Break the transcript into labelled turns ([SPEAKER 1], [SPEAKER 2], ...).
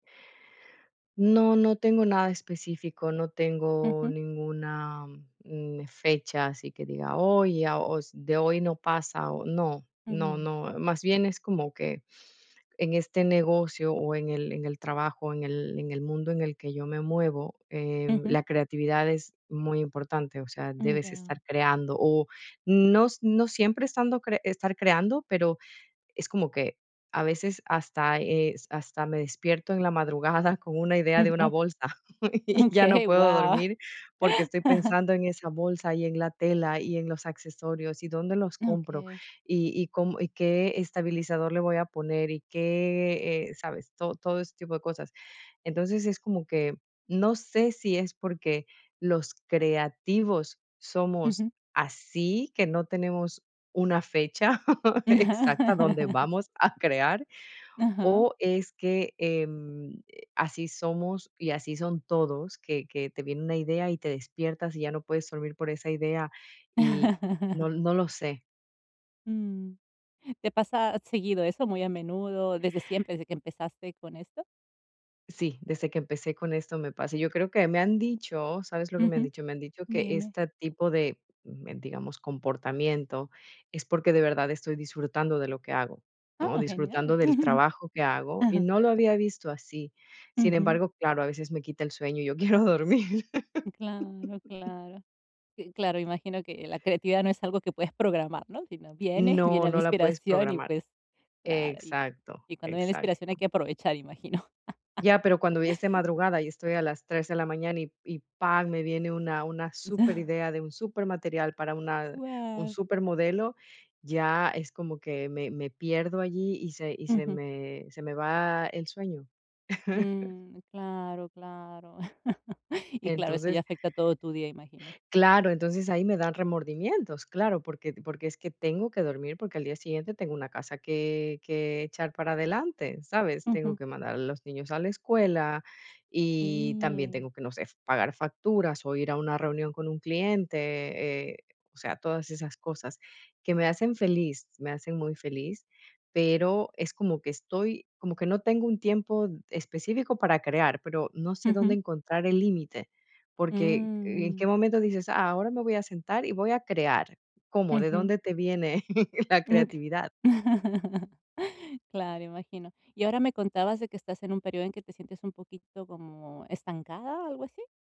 [SPEAKER 1] No, no tengo nada específico. No tengo
[SPEAKER 2] Ujú.
[SPEAKER 1] ninguna, mm, fechas y que diga: "Hoy, a os de hoy no pasa", o no, no,
[SPEAKER 2] Mm.
[SPEAKER 1] no. Más bien es como que en este negocio o en el en el trabajo, en el en el mundo en el que yo me muevo, em,
[SPEAKER 2] Ujú.
[SPEAKER 1] la creatividad es muy importante. O sea,
[SPEAKER 2] Mm,
[SPEAKER 1] debes
[SPEAKER 2] ya.
[SPEAKER 1] estar creando, o, no s no siempre estando cre estar creando, pero, es como que a veces hasta es hasta me despierto en la madrugada con una idea de
[SPEAKER 2] Mm,
[SPEAKER 1] una
[SPEAKER 2] oh.
[SPEAKER 1] bolsa, y ya no
[SPEAKER 2] Okey,
[SPEAKER 1] puedo
[SPEAKER 2] guau.
[SPEAKER 1] dormir porque estoy pensando en esa bolsa, y en la tela, y en los accesorios y dónde los compro,
[SPEAKER 2] Okey.
[SPEAKER 1] y y cómo y qué estabilizador le voy a poner y qué eh, ¿sabes?, todo todo ese tipo de cosas. Entonces, es como que, no sé si es porque los creativos somos
[SPEAKER 2] Ujú.
[SPEAKER 1] así, que no tenemos una fecha exacta donde vamos a crear.
[SPEAKER 2] Ajá.
[SPEAKER 1] O es que, em, así somos y así son todos, que que te viene una idea y te despiertas, y ya no puedes dormir por esa idea, y no no lo sé.
[SPEAKER 2] Mm. ¿Te pasa seguido eso, muy a menudo, desde siempre, desde que empezaste con esto?
[SPEAKER 1] Sí, desde que empecé con esto me pasa. Yo creo que me han dicho, ¿sabes lo que me han
[SPEAKER 2] Ujú.
[SPEAKER 1] dicho? Me han dicho que
[SPEAKER 2] Dime.
[SPEAKER 1] esta tipo de, em, digamos, comportamiento es porque de verdad estoy disfrutando de lo que hago, ¿no?,
[SPEAKER 2] Oh, genial.
[SPEAKER 1] disfrutando del trabajo que hago. Y
[SPEAKER 2] Ajá.
[SPEAKER 1] no lo había visto así. Sin
[SPEAKER 2] Ujú.
[SPEAKER 1] embargo, claro, a veces me quita el sueño y yo quiero dormir.
[SPEAKER 2] Claro. Claro. Si, claro, imagino que la creatividad no es algo que puedes programar, ¿no? Si no, viene,
[SPEAKER 1] No,
[SPEAKER 2] viene la
[SPEAKER 1] no la puedes
[SPEAKER 2] inspiración y,
[SPEAKER 1] programar.
[SPEAKER 2] pues claro, y
[SPEAKER 1] Exacto,
[SPEAKER 2] y cuando viene la inspiración hay
[SPEAKER 1] exacto.
[SPEAKER 2] que aprovechar, imagino.
[SPEAKER 1] Ya, pero cuando es de madrugada, y estoy a las 3 de la mañana y y, pam, me viene una una superidea, de un supermaterial para una un
[SPEAKER 2] Guau.
[SPEAKER 1] supermodelo, ya es como que me me pierdo allí, y se y se
[SPEAKER 2] Ujú.
[SPEAKER 1] me se me va el sueño.
[SPEAKER 2] Mm. Claro, claro. Y claro, eso ya
[SPEAKER 1] Entonces
[SPEAKER 2] afecta todo tu día, imagino.
[SPEAKER 1] Claro, entonces ahí me dan remordimientos. Claro, porque porque es que tengo que dormir, porque al día siguiente tengo una casa que que echar para adelante, ¿sabes? Tengo
[SPEAKER 2] Ujú.
[SPEAKER 1] que mandar a los niños a la escuela, y también
[SPEAKER 2] Sí.
[SPEAKER 1] tengo que, no sé, pagar facturas, o ir a una reunión con un cliente, eh, o sea, todas esas cosas que me hacen feliz. Me hacen muy feliz, pero, es como que estoy como que no tengo un tiempo específico para crear, pero no sé dónde
[SPEAKER 2] Ujú.
[SPEAKER 1] encontrar el límite. Porque, ¿en qué
[SPEAKER 2] Mm.
[SPEAKER 1] momento dices: "Ah, ahora me voy a sentar y voy a crear?". ¿Cómo? ¿De
[SPEAKER 2] Ujú.
[SPEAKER 1] dónde te viene la creatividad?
[SPEAKER 2] Claro, imagino. Y ahora me contabas de que, estás en un período en que te sientes un poquito como estancada, ¿algo así?